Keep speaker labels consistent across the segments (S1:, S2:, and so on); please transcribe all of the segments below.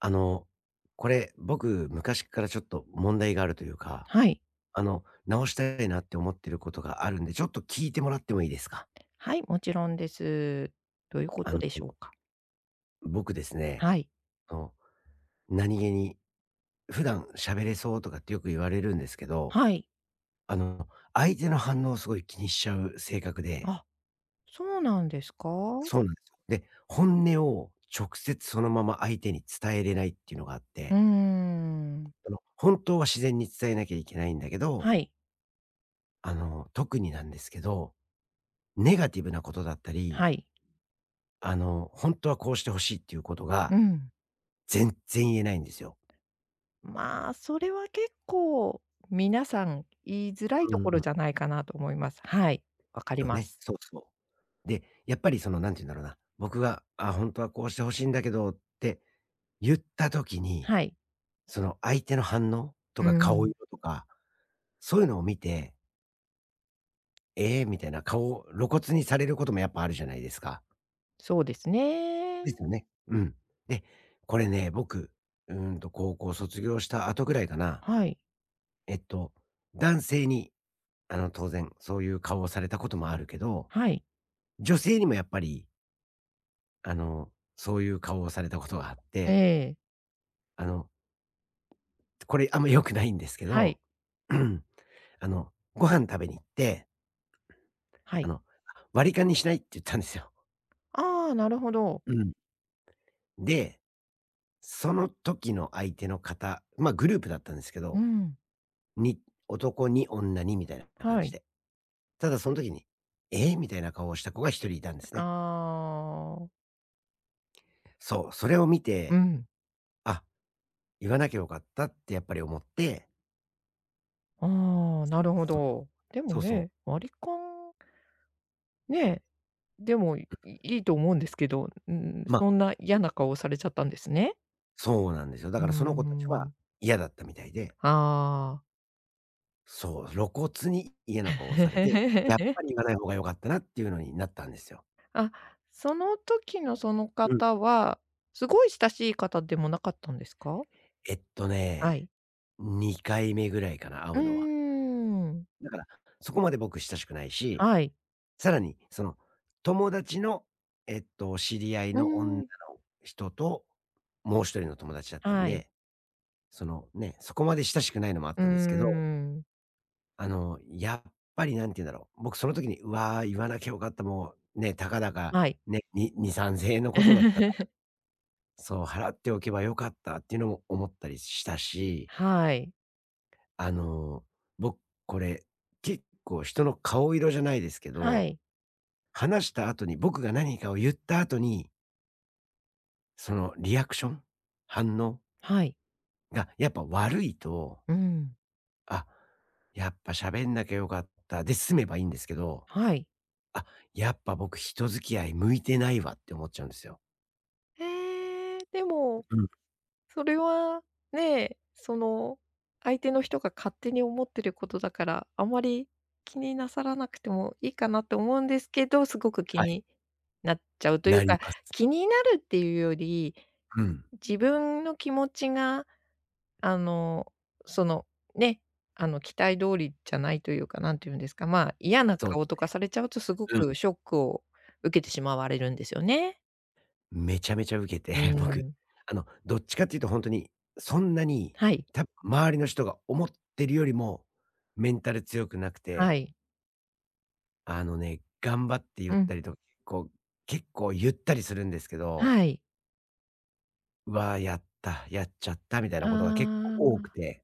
S1: あの、これ僕昔からちょっと問題があるというか、
S2: はい。
S1: あの、直したいなって思ってることがあるんで、ちょっと聞いてもらってもいいですか？
S2: はい、もちろんです。どういうこ
S1: あ
S2: と
S1: の。
S2: でしょうか？
S1: 僕ですね、
S2: はい。
S1: あの、何気に、普段、喋れそうとかってよく言われるんですけど、
S2: はい。
S1: あの、相手の反応をすごい気にしちゃう性格で
S2: あ、そうなんですか。
S1: そうなんで、本音を直接そのまま相手に伝えれないっていうのがあっ
S2: うー
S1: て
S2: ん。
S1: あの、本当は自然に伝えなきゃいけないんだけど
S2: はい。
S1: あの、特になんですけど、ネガティブなことだったり
S2: はい。
S1: あの、本当はこうして欲しいっていうこと
S2: う
S1: が
S2: ん。
S1: 全然言えないんですよ。
S2: まあ、それは結構皆さん言いづらい
S1: うん
S2: とこ
S1: う
S2: ろ
S1: ん。
S2: じゃないかなと思います。はい。分かり
S1: そう
S2: ま
S1: ね。
S2: す。
S1: そうそう。で、やっぱり、その、なんて言うんだろうな、僕が、あ、本当はこうして欲しいんだけどって言った時に、
S2: はい。
S1: その相手の反応と
S2: うー
S1: か顔
S2: ん。
S1: 色とか、そういうのを見てええ、みたいな顔を露骨にされることもやっぱあるじゃないですか。
S2: そうです
S1: で
S2: ね。
S1: すよね、うん。で、これね僕、うーんと高校卒業した後ぐらいかな。
S2: はい。
S1: えっと男性に、あの当然そういう顔をされたこともあるけど。
S2: はい。
S1: 女性にもやっぱりあの、そういう顔をされた事があっ
S2: え
S1: て。
S2: え。
S1: あの。これあんま良くないんですけ
S2: は
S1: ど。
S2: い。
S1: あの、ご飯食べに行って
S2: は
S1: あ
S2: い。
S1: の、あ、割り勘にしないって言ったんですよ。
S2: ああ、なるほど。
S1: うん。で、その時の相手の方、まあ、グループだったんですけ
S2: う
S1: ど。
S2: ん。
S1: に男2女2みたいなな感
S2: は
S1: じ
S2: い。
S1: で。ただそん時に、ええ、みたいな顔をした子が1人いたんです
S2: あ
S1: ね。
S2: あ。
S1: そう、それを見
S2: う
S1: て、
S2: ん。
S1: あ、言わなきゃよかったって、やっぱり思って。
S2: ああ、
S1: そ
S2: な
S1: う。
S2: るほ
S1: そうね。
S2: ど。でも
S1: そうそう。
S2: ね、割り勘ねえ。でも、い
S1: う。
S2: いいと思うんですけど、うん、ん、ん、
S1: まあ。
S2: そんな
S1: け
S2: 嫌
S1: ど、
S2: な
S1: まあ。
S2: 顔をされちゃったんですね。
S1: そうなんですよ。だ
S2: うー
S1: から、その子達は
S2: ん。
S1: 嫌だったみたいで。
S2: ああ。
S1: そう、露骨に嫌な顔をされて、やっ ぱり言わない方が良かったなっていうのになったんですよ。
S2: あ、その時のその
S1: うん。
S2: 方は、すごい親しい方でもなかったんですか？
S1: えっと
S2: は
S1: ね、
S2: い。
S1: 2回目ぐらいかな、会
S2: うー
S1: うのは。
S2: ん。
S1: だから、そこまで僕親しくないし。
S2: はい。
S1: 更にその友達の、えっと、知り合い
S2: うー
S1: の女の
S2: ん。
S1: 人と、もう1人の友達だったん
S2: はい。
S1: で。その、ね、そこまで親しくないのもあっ
S2: うー
S1: たんですけど。
S2: ん。
S1: あの、やっぱり何て言うんだろう。僕その時に、わ、言わなきゃよかった。もうね、たかだか
S2: はい。
S1: ね、に2、3000円のことだった [unintelligible] そう、払っておけばよかったっていうのも思ったりしたし。
S2: はい。
S1: あの、僕これ結構人の顔色じゃないですけ
S2: は
S1: ど、
S2: い。
S1: 話した後に僕が何かを言った後にそのリアクション、反応
S2: はい。
S1: あ、やっぱ悪いと
S2: うん。
S1: あ、やっぱ喋んなきゃ良かったで済めばいいんですけど。
S2: はい。
S1: あ、やっぱ僕、人付き合い向いてないわって思っちゃうんすよ。
S2: ええ、でも。
S1: ううん。
S2: それは、ねえ、その相手の人が勝手に思ってることだから、あまり、気になさらなくてもいいかなと思うんですけど、すごく気
S1: はい。
S2: になっちゃうとい
S1: な
S2: う
S1: り
S2: か、
S1: ます。
S2: 気になるっていうより、
S1: うん。
S2: 自分の気持ちが、あの、その、ね、あの期待通りじゃないというか、何て言うんですか、まあ、嫌な
S1: そうね。
S2: 顔とかされちゃうと、すご
S1: う
S2: く
S1: ん。
S2: ショックを受けてしまわれるんですよね。
S1: めちゃめちゃうけて
S2: う
S1: 僕、
S2: ん。
S1: あの、どっちかって言うとほんとに、そんなに、
S2: はい。
S1: た周りの人が思ってるよりもメンタル強くなく
S2: は
S1: て。
S2: い。
S1: あのね、頑張って言っ
S2: うん。
S1: たりと、こう、結構結構言ったりするんですけど。
S2: はい。
S1: わあ、やったやっちゃったみたいなことが結構
S2: あ
S1: 多
S2: あ。
S1: くて。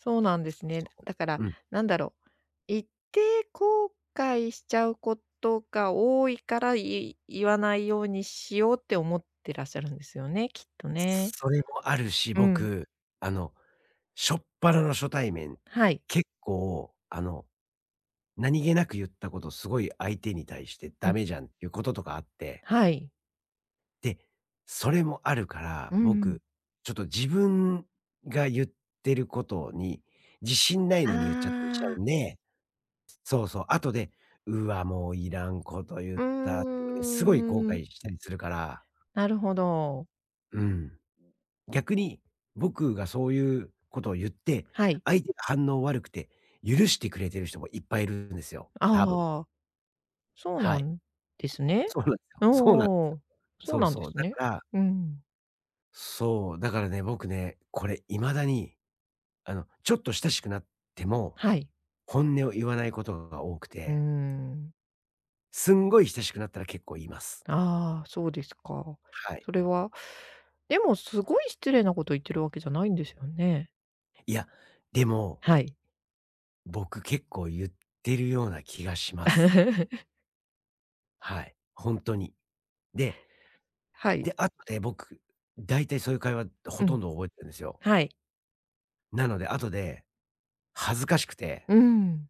S2: そうなんですね。
S1: そお。
S2: だから、
S1: うん。
S2: なんだろう、言って後悔しちゃうことが多いから、い言わないようにしようって思ってらっしゃるんですよね、きっとね。
S1: それもあるし、
S2: うん。
S1: 僕、あの、しょっぱなの初対面
S2: はい。
S1: 結構、あの、何気なく言ったこと、すごい相手に対して
S2: う
S1: ダ
S2: ん。
S1: メじゃんってこととかあって。
S2: はい。
S1: で、それもあるから、
S2: うんうん。
S1: 僕ちょっと自分が言ってることに自信ない
S2: あ
S1: のに言っちゃったりしちゃう
S2: あ。
S1: んで、そうそう。後で、うわもういらんこと言っ
S2: うー
S1: たっていうのですごい後
S2: ん。
S1: 悔したりするから。
S2: なるほど。
S1: うん。逆に僕がそういうことを言って、
S2: はい。
S1: 相手が反応悪くて許してくれてる人もいっぱいいるんですよ、多分。
S2: ああ。そう
S1: は
S2: な
S1: い。
S2: んですね。
S1: そうなんすよ、そうなんすよ。
S2: おお、そう
S1: そう
S2: なんで
S1: そう、
S2: す
S1: だか
S2: ね、
S1: ら
S2: うん。
S1: そう、だからね、僕ね、これ今だにあの、ちょっと親しくなっても、
S2: はい。
S1: 本音を言わないことが多く
S2: うー
S1: て。
S2: ん。
S1: すんごい親しくなったら結構言います。
S2: ああ、そうですか。
S1: はい。
S2: それは、でもすごい失礼なこと言ってるわけじゃないんですよね。
S1: いや、でも
S2: はい。
S1: 僕結構言ってるような気がします。はい。ほんとに。で
S2: はい。
S1: で、あって、僕、大体そういう会話
S2: う
S1: ほとん
S2: ん。
S1: ど覚えてるんですよ。
S2: はい。
S1: なので、後で恥ずかしくて。
S2: うん。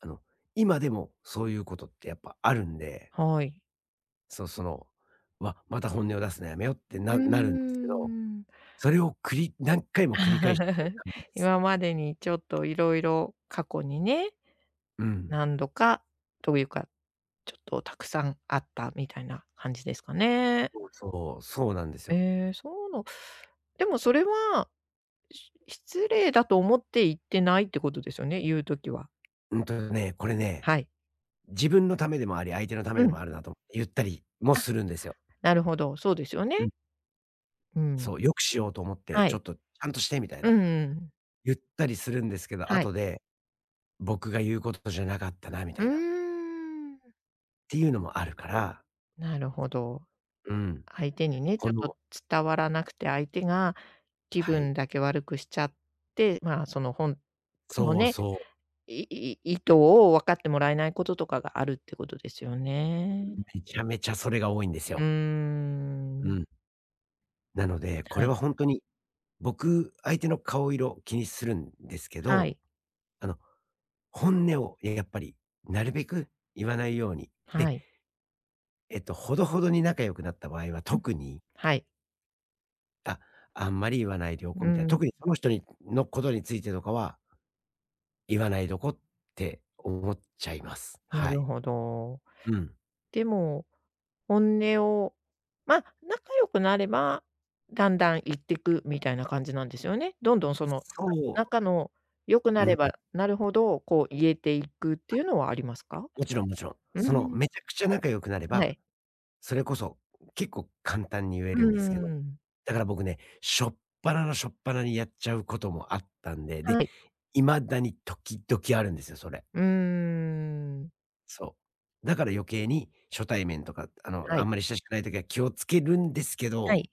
S1: あの、今でもそういうことってやっぱあるんで。
S2: はい。
S1: そう、その、わ、また本音を出すのやめようって、
S2: うー
S1: ななるんですけど、
S2: ん。
S1: それをくり何回も繰り返してる 感じです。
S2: 今までにちょっと色々過去にね、
S1: うん。
S2: 何度か、というか、ちょっと沢山あったみたいな感じですかね。
S1: そうそう、そうなんですよ。
S2: ええ、そうの、でもそれは、し失礼だと思って言ってないってことですよね、言う時は。
S1: うんとね、これね。
S2: はい。
S1: 自分のためでもあり、相手のため
S2: う
S1: でも
S2: ん。
S1: あるなと言ったりも
S2: あ、
S1: するんですよ。
S2: なるほど、そうですよ
S1: うん。
S2: ね。うん。
S1: そう、良くしようと思って、
S2: は
S1: ちょっ
S2: い。
S1: とちゃんとしてみたい
S2: う
S1: な。
S2: んうん。
S1: 言ったりするんですけど、
S2: はい。
S1: 後で、僕が言うことじゃなかったなみた
S2: う
S1: いな。
S2: ーん。
S1: ていうのもあるから。
S2: なるほど。
S1: うん。
S2: 相手にね、ち
S1: こ
S2: ょっと
S1: の
S2: 伝わらなくて、相手が気
S1: はい。
S2: 分だけ悪くしちゃって、まあ、そのほんとの
S1: そう
S2: ね、
S1: そう。
S2: いい意図を分かってもらえないこととかがあるってことですよ
S1: ん、
S2: ね。
S1: めちゃめちゃそれが多いんです
S2: うー
S1: よ。う
S2: ん。
S1: ん。なので、こ
S2: は
S1: れは
S2: い。
S1: ほんとに僕、相手の顔色を気にするんですけ
S2: は
S1: ど、
S2: い。
S1: あの、本音を、え、やっぱりなるべく言わないように。で
S2: はい。
S1: えっと、ほどほどに仲良くなった場合は、
S2: うん、
S1: 特に。
S2: はい。
S1: あ、あんまり言わないでおこ
S2: う
S1: うみたいな。
S2: ん。
S1: 特にその人にのことについてとかは言わないどこって思っちゃいます。
S2: な
S1: は
S2: る
S1: い。
S2: ほど。
S1: うん。
S2: でも、本音を、ま、仲良くなればだんだん言ってくみたいな感じなんですよね？どんどん、その、
S1: そう。
S2: 仲の良くな
S1: うん。
S2: ればなるほど、こう言えていくっていうのはありますか？
S1: あ。もちろんもちろん。
S2: う
S1: その
S2: ん。
S1: めちゃくちゃ仲良くなれ
S2: は
S1: ば、
S2: い。
S1: それこそ結構簡単に言え
S2: う
S1: るんですけど。
S2: ん。
S1: だから僕ね。しょっぱなのしょっぱにやっちゃうこともあったんで。で、
S2: はい。
S1: 未だに時々あるんですよ。それ。
S2: うーん。
S1: そう。だから余計に初対面とか、あの、
S2: は
S1: あ
S2: い。
S1: んまり親しくない時は気をつけるんですけ
S2: は
S1: ど
S2: い。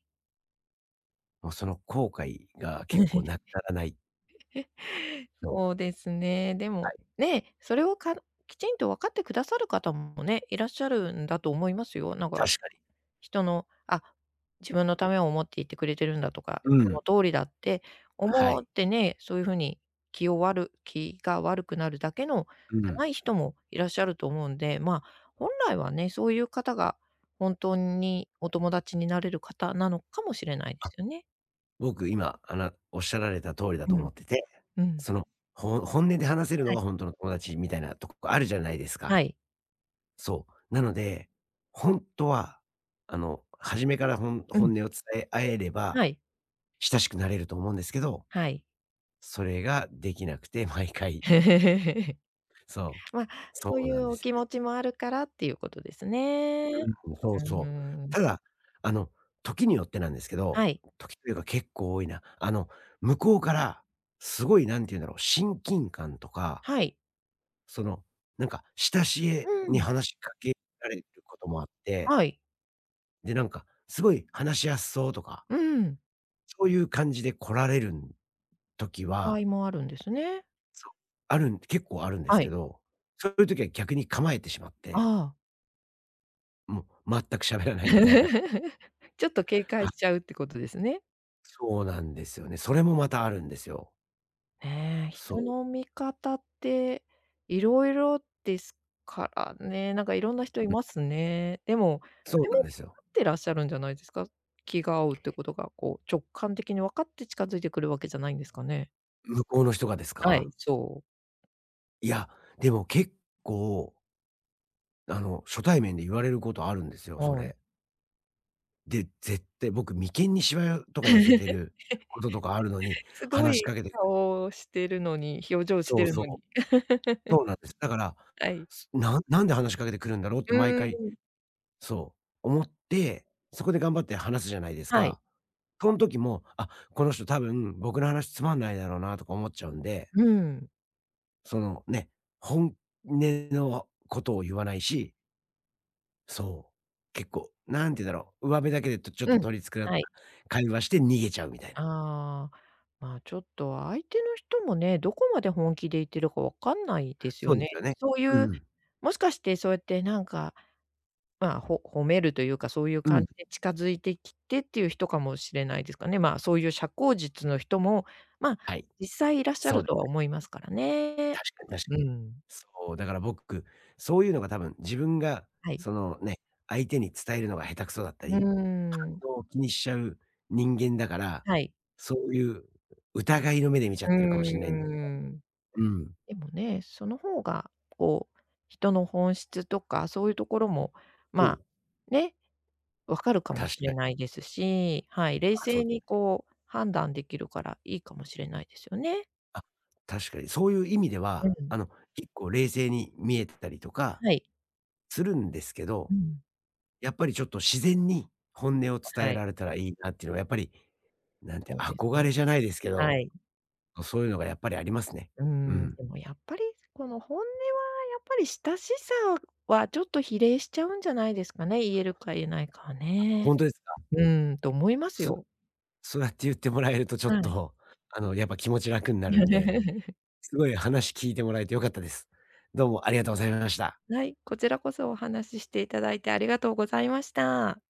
S1: もうその後悔が結構なくならない。そう。
S2: そうですね、で
S1: は
S2: も、
S1: い。
S2: ねえ、それをかきちんと分かってくださる方もね、いらっしゃるんだと思いますよ。なんか、
S1: 確かに。
S2: 人のあ、自分のためを思っていてくれてるんだとか、
S1: う
S2: そ
S1: ん。
S2: の通りだって
S1: は
S2: 思
S1: い。
S2: ってね、そういう風に気をわる気が悪くなるだけの
S1: う
S2: じゃな
S1: ん。
S2: い人もいらっしゃると思うんで、ま、本来はね、そういう方が本当にお友達になれる方なのかもしれないで
S1: あ、
S2: すよね。
S1: 僕今、あなおっしゃられた通りだと
S2: う
S1: 思
S2: ん、
S1: ってて、
S2: うん。
S1: そのほ本音で話せる
S2: は
S1: の
S2: い。
S1: がほんとの友達みたいなとこあるじゃないですか。
S2: はい。
S1: そう。なので、ほんとは、あの、初めからほん
S2: うん。
S1: 本音を伝え合えれば、
S2: はい。
S1: 親しくなれると思うんですけど、
S2: はい。
S1: それができなくて毎回 そう。
S2: ま、そ
S1: そ
S2: う
S1: う
S2: い
S1: なん
S2: う
S1: で
S2: お
S1: すよ
S2: 気
S1: ね。
S2: 持ちもあるからっていうことですね。
S1: うん、そう
S2: う
S1: そう。
S2: ん。
S1: ただ、あの時によってなんですけ
S2: は
S1: ど
S2: い。
S1: 時というか結構多いな、あの向こうからすごい、何て言うんだろう、親近感とか
S2: はい。
S1: その、なんか、親しげ
S2: う
S1: に
S2: ん。
S1: 話しかけられることもあって。
S2: はい。
S1: で、なんか、すごい話しやすそうとか
S2: うん。
S1: そういう感じで来られるん時
S2: 場合
S1: は
S2: もあるんですね。
S1: そう、あるん結構あるんです
S2: は
S1: け
S2: い。
S1: ど、そういう時は逆に構えてしまっ
S2: あ
S1: て
S2: あ。
S1: もう、全く喋らないみたいな。
S2: ちょっと警戒
S1: はい。
S2: しちゃうってことですね。
S1: そうなんですよね。それもまたあるんですよ。
S2: ねえ、
S1: そ
S2: 人
S1: う。
S2: の見方っていろいろですからね、なんかいろんな人い
S1: うん。
S2: ますね。でも、そ
S1: そう
S2: れ
S1: なん
S2: も
S1: ですよ。
S2: あってらっしゃるんじゃないですか。気が合うってことが、こう直感的にわかって近づいてくるわけじゃないんですかね？
S1: 向こうの人がです
S2: はい、
S1: か？
S2: そう。
S1: いや、でも結構あの初対面で言われることあるんですよ、そ
S2: はい。
S1: れ。で、絶対、僕、眉間にしわとか寄せてることとかあるのに、
S2: すご
S1: 話し
S2: い
S1: かけて
S2: 顔してるのに、表情し
S1: そ
S2: て
S1: う
S2: る
S1: そう。
S2: のに。
S1: そうなんです。だから、
S2: はい。
S1: そ、なんなんで話しかけて来るんだろうって、
S2: う
S1: 毎
S2: ー
S1: 回
S2: ん。
S1: そう、思って、そこで頑張って話すじゃないです
S2: はい。
S1: か。その時も、あ、この人多分僕の話つまんないだろうなとか思っちゃうんで。
S2: うん。
S1: その、ね、本音のことを言わないしそう、結構、なんて言うんだろう、うわべだけで、とちょっ
S2: う
S1: と
S2: ん。
S1: 取り繕った
S2: はい。
S1: 会話して逃げちゃうみたいな。
S2: ああ、まあ、ちょっと相手の人もね、どこまで本気で言ってるか分かんないです
S1: そ
S2: よ
S1: うです
S2: ね。
S1: よね。
S2: そう
S1: う
S2: い
S1: ん
S2: う、
S1: うん。
S2: もしかしてそうやってなんか、まあ、ほ褒めるというか、そういう
S1: う
S2: 感
S1: ん。
S2: じで近づいてきてっていう人かもしれないですかね、まあ、そういう社交術の人も、まあ、
S1: はい、
S2: 実際いらっしゃ
S1: そ
S2: る
S1: う
S2: とは思いますからね。
S1: 確かに確か
S2: う
S1: に。
S2: ん。
S1: そう、だから僕、そういうのが多分自分が
S2: はい。
S1: そのね、相手に伝えるのが下手くそだった
S2: うー
S1: り、
S2: ん。
S1: 反応を気にしちゃう人間だから、
S2: はい。
S1: そういう疑いの目で見ち
S2: う
S1: ゃ
S2: ー
S1: ってるかもしんないそ、
S2: ん。
S1: うん。
S2: でもねその方が、こう、人の本質とか、そういうところも、
S1: うん。
S2: まあ、ね、分かるか
S1: 確
S2: もし
S1: か
S2: れ
S1: に。
S2: ないですし、はい、冷
S1: あ、そ
S2: 静
S1: う。
S2: にこう判断できるからいいかもしれないですよね。
S1: あ、確かに、そういう意味で
S2: う
S1: は、あ
S2: ん。
S1: の、結構冷静に見えてたりとか
S2: はい。
S1: するんですけ
S2: う
S1: ど、
S2: ん。
S1: やっぱりちょっと自然に本音を伝
S2: は
S1: え
S2: い。
S1: られたらいいなっていうのはやっぱり、なんてい
S2: そ
S1: う
S2: うです
S1: 憧れ
S2: ね。
S1: じゃないですけ
S2: は
S1: ど、
S2: い。
S1: ま、そういうのがやっぱりありますね。
S2: うー
S1: う
S2: ん、
S1: ん。
S2: でもやっぱり、この、本音はやっぱり親しさはちょっと比例しちゃうんじゃないですかね、言える
S1: あ、
S2: か言えないかはね。
S1: ほんとですか。
S2: うん、と思います
S1: す
S2: よ。
S1: そうやって言ってもらえると、ちょっ
S2: はい。
S1: と、あの、やっぱ気持ち楽になるんで、すごい、話聞いてもらえて良かったです。どうもありがとうございまました。
S2: はい、こちらこそお話ししていただいてありがとうございました。